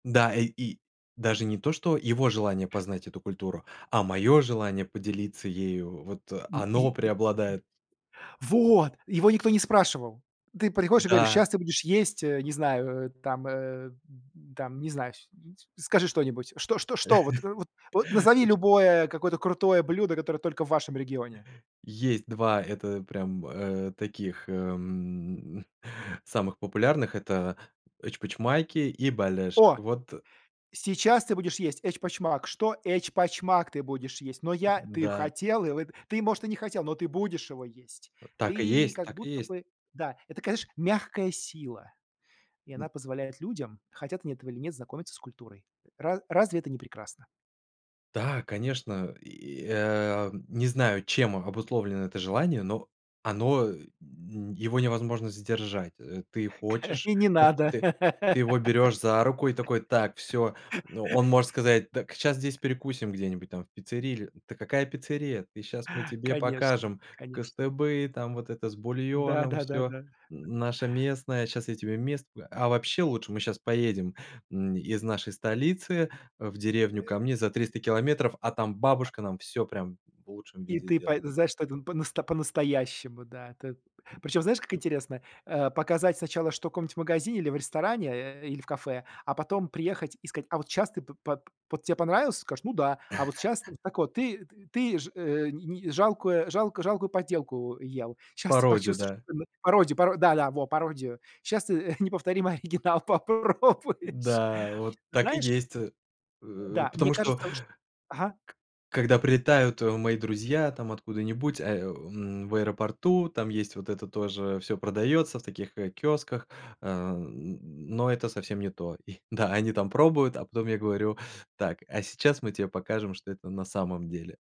Да, э, и даже не то, что его желание познать эту культуру, а моё желание поделиться ею. Вот. Ну, и Оно э преобладает. Вот. Его никто не спрашивал! Ты приходишь и говоришь: Да. "Щас ты будешь есть", э, не знаю, э, там, э, там, не знаешь, скажи что-нибудь. Что что что вот, э, вот вот, назови Оч любое какое-то крутое блюдо, которое только в вашем регионе. Есть 2, это прям, э, таких, эм, самых популярных- это эчпочмаки и балеш. О! Вот Сейчас ты будешь есть эчпочмак.- Что?- Эчпочмак ты будешь есть. Но М, я ты да. хотел и вы ты, может, и не хотел, но ты будешь его есть. Вот так и Ты есть. как Так и будто есть. бы Да. Это, такая знаешь, мягкая сила, и она М. позволяет людям, хотят они этого или нет, знакомиться с культурой. Ра разве это не прекрасно? Да, конечно! И, э, не знаю, чем обусловлено это желание, но оно э ну его невозможно сдержать. Э, ты Ка хочешь, и не вот надо. ты, ты его берёшь за руку и такой: "Так, всё". Ну, он может сказать: "Так, щас здесь перекусим где-нибудь, там, в пиццерии или". "Да какая пиццерия? Ты щас, мы тебе Конечно, покажем конечно. кыстыбый там, вот это с Да, бульоном всё, да-да-да. наше местное, щас я тебе мест А вообще, лучше мы щас поедем, м, из нашей столицы в деревню Э ко мне за 300 километров, а там А бабушка нам всё прям в лучшем И виде ты па сделает". знаешь, что это по-насто по-настоящему, да. Т Причём, знаешь, как интересно? Э, показать сначала, что в каком-нибудь магазине или в ресторане, э, или в кафе, а потом приехать и сказать: "А вот щас ты пы по под вот тебе понравился?". Ты скажешь: "Ну да". А вот щас, т так вот, ты т ты ж, э, ни ни жалкую жалк жалкую подделку ел, щас ты Пародию, почувствуешь, да. [unintelligible] пароди паро да, да, во, пародию. Щас ты, э, неповторимый оригинал попробуешь. Да, вот так и Знаешь есть, э, Э, э, да, мне потому что кажется, что Ага. К когда прилетают, э, мои друзья там откуда-нибудь, а, о, ам, в аэропорту, там есть вот это тоже, всё продаётся, в таких, э, киосках, э, н но это совсем не то. И, да, они там пробуют, а потом я говорю: "Так, а сейчас мы тебе покажем, что это на самом деле."